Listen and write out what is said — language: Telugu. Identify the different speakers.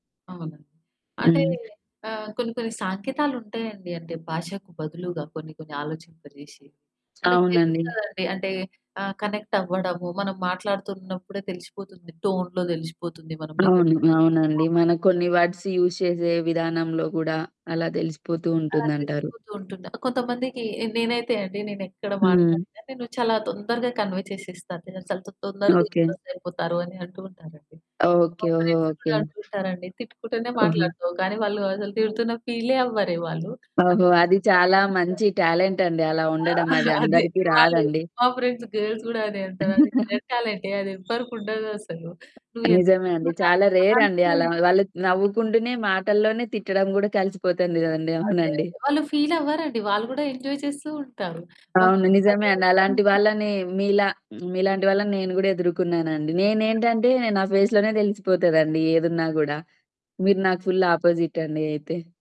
Speaker 1: అవును. అంటే
Speaker 2: హ్మ్.
Speaker 1: ఆహ్, కొన్ని, కొన్ని సాంకేతాలుంటాయండి. అంటే భాషకు బదులుగా కొన్ని, కొన్ని ఆలోచింప జేసి. మనకు
Speaker 2: అవునండి.
Speaker 1: తెలుస్తదండి. అంటే ఆహ్, కనెక్ట్ అవ్వడము, మనం మాట్లాడుతున్నప్పుడే తెలిసిపోతుంది, టోన్‌లో తెలిసిపోతుంది. మనం నిజం
Speaker 2: అవును.
Speaker 1: చెప్తున్నామా?
Speaker 2: అవునండి.
Speaker 1: అబద్దం
Speaker 2: మన
Speaker 1: చెప్తున్నామా?
Speaker 2: కొన్ని వర్డ్స్ యూజ్ చేసే విధానంలో కూడా, అలా తెలిసిపోతూ
Speaker 1: ఆ!
Speaker 2: ఉంటుందంటారు.
Speaker 1: తెలిసిపోతూంటుంది. కొంతమందికి నేనైతే అండి, నేనెక్కడ
Speaker 2: హ్మ్.
Speaker 1: మాట్లాడినా నేను చాలా తొందరగా కన్వే చేసేస్తాను. నేనసలు తొందరగా
Speaker 2: ఓకె.
Speaker 1: ఇంప్రెస్ అయిపోతారని అంటూ ఉంటారండి. మా
Speaker 2: ఓకె. ఓహో!
Speaker 1: Friends
Speaker 2: okay.
Speaker 1: కూడా అంటూ ఉంటారండి, "తిట్టుకుంటూనే
Speaker 2: ఆహా!
Speaker 1: మాట్లాడుతావు కానీ, వాళ్ళు అసలు తిడుతున్న ఫీలే అవ్వరే వాళ్ళు. ఒక్క
Speaker 2: ఓహో! అది
Speaker 1: చిన్న డౌట్"
Speaker 2: చాలా
Speaker 1: [unintelligible]
Speaker 2: మంచి టాలెంట్ అండి అలా
Speaker 1: ఆ!
Speaker 2: ఉండడం. అది
Speaker 1: అదే
Speaker 2: అందరికి
Speaker 1: వాళ్ళు
Speaker 2: రాదండి!
Speaker 1: మా ఫ్రెండ్స్ గర్ల్స్ కూడా అదే అంటారు. అది వెతకాలంటే అదెవ్వరికుండదసలు నువ్వు ఎంత
Speaker 2: నిజమే అండి.
Speaker 1: ఏమన్నా
Speaker 2: చాలా రేర్ అండి! అలా
Speaker 1: ఆన్సర్
Speaker 2: వాళ్ళు నవ్వుకుంటూనే, మాటల్లోనే, తిట్టడం కూడా కలిసిపోతుంది కదండీ!
Speaker 1: అదే,
Speaker 2: అవునండి.
Speaker 1: అదే. వాళ్ళు ఫీల్ అవ్వరండి. వాళ్ళు కూడా ఎంజాయ్ చేస్తూ ఉంటారు. మా
Speaker 2: అవును.
Speaker 1: ఫ్రెండ్స్
Speaker 2: నిజమే
Speaker 1: అదే
Speaker 2: అండి.
Speaker 1: అంటారు.
Speaker 2: అలాంటి వాళ్ళని మీలా, మీలాంటి వాళ్ళని నేను కూడా ఎదుర్కున్నానండి. నేనేంటంటే, నా ఫేస్‌ లోనే తెలిసిపోతదండి ఏదున్నా గూడా. మీరు నాకు ఫుల్ ఆపోజిట్ అండి అయితే.